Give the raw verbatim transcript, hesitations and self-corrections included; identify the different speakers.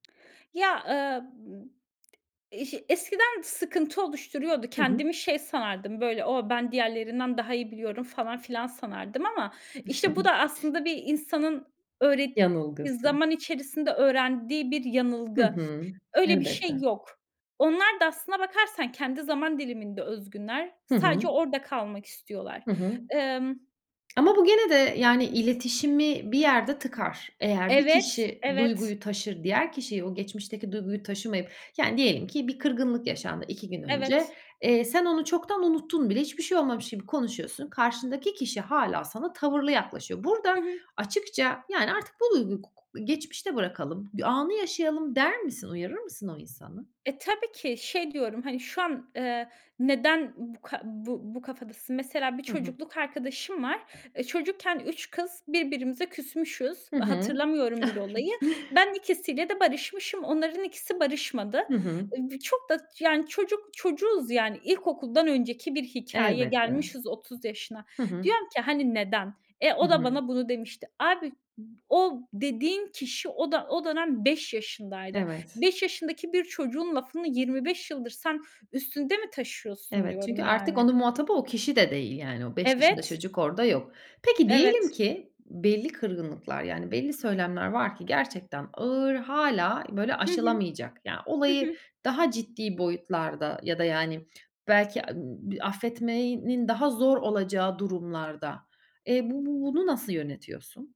Speaker 1: Ya, ııı, m iş eskiden sıkıntı oluşturuyordu
Speaker 2: Hı hı.
Speaker 1: kendimi şey sanardım; böyle, o ben diğerlerinden daha iyi biliyorum falan filan sanardım ama işte bu da aslında bir insanın öğret
Speaker 2: Yanılgısı.
Speaker 1: zaman içerisinde öğrendiği bir
Speaker 2: Hı
Speaker 1: yanılgı.
Speaker 2: hı.
Speaker 1: Öyle bir şey
Speaker 2: Elbette.
Speaker 1: yok. Onlar da, aslına bakarsan, kendi zaman diliminde özgünler.
Speaker 2: Hı
Speaker 1: Sadece
Speaker 2: hı.
Speaker 1: orada kalmak istiyorlar.
Speaker 2: Hı hı.
Speaker 1: Emm
Speaker 2: Ama bu gene de, yani, iletişimi bir yerde tıkar. Eğer bir
Speaker 1: Evet,
Speaker 2: kişi
Speaker 1: evet.
Speaker 2: duyguyu taşır, diğer kişiye; o geçmişteki duyguyu taşımayıp, yani diyelim ki bir kırgınlık yaşandı iki gün önce.
Speaker 1: Evet.
Speaker 2: Eee, sen onu çoktan unuttun bile, hiçbir şey olmamış gibi konuşuyorsun. Karşındaki kişi hâlâ sana tavırlı yaklaşıyor. Burada
Speaker 1: Hı hı.
Speaker 2: açıkça, yani, artık bu duyguyu gu gu geçmişte bırakalım, anı yaşayalım der misin? Uyarır mısın o insanı?
Speaker 1: E, tabii ki, şey diyorum hani şu an, eee, neden bu ka bu bu kafadasın? Mesela, bir
Speaker 2: Hı hı.
Speaker 1: çocukluk arkadaşım var. E, çocukken üç kız birbirimize küsmüşüz.
Speaker 2: Hı hı.
Speaker 1: Hatırlamıyorum bile olayı. Ben ikisiyle de barışmışım. Onların ikisi barışmadı.
Speaker 2: Hı hı.
Speaker 1: Eee, b çok da yani çocuk çocuğuz yani. İlkokuldan önceki bir hikâye.
Speaker 2: Elbette.
Speaker 1: Gelmişiz otuz yaşına.
Speaker 2: Hı hı.
Speaker 1: Diyorum ki, hani neden? E,
Speaker 2: Hı
Speaker 1: o da
Speaker 2: hı.
Speaker 1: bana bunu demişti. "Abi ı o dediğin kişi, o da, o dönem beş yaşındaydı.
Speaker 2: Evet.
Speaker 1: beş yaşındaki bir çocuğun lafını yirmi beş yıldır sen üstünde mi taşıyorsun?"
Speaker 2: Evet, çünkü
Speaker 1: diyorum
Speaker 2: artık
Speaker 1: yani.
Speaker 2: onun muhatabı o kişi de değil yani; o beş yaşında
Speaker 1: Evet.
Speaker 2: çocuk orada yok. Peki, diyelim
Speaker 1: Evet.
Speaker 2: ki belli kırgınlıklar, yani belli söylemler var ki gerçekten ağır; hâlâ böyle
Speaker 1: Hı hı.
Speaker 2: aşılamayacak. Ya,
Speaker 1: Hı
Speaker 2: olayı
Speaker 1: hı.
Speaker 2: daha ciddi boyutlarda ya da, yani, belki ı affetmenin daha zor olacağı durumlarda, eee, bu bu bunu nasıl yönetiyorsun?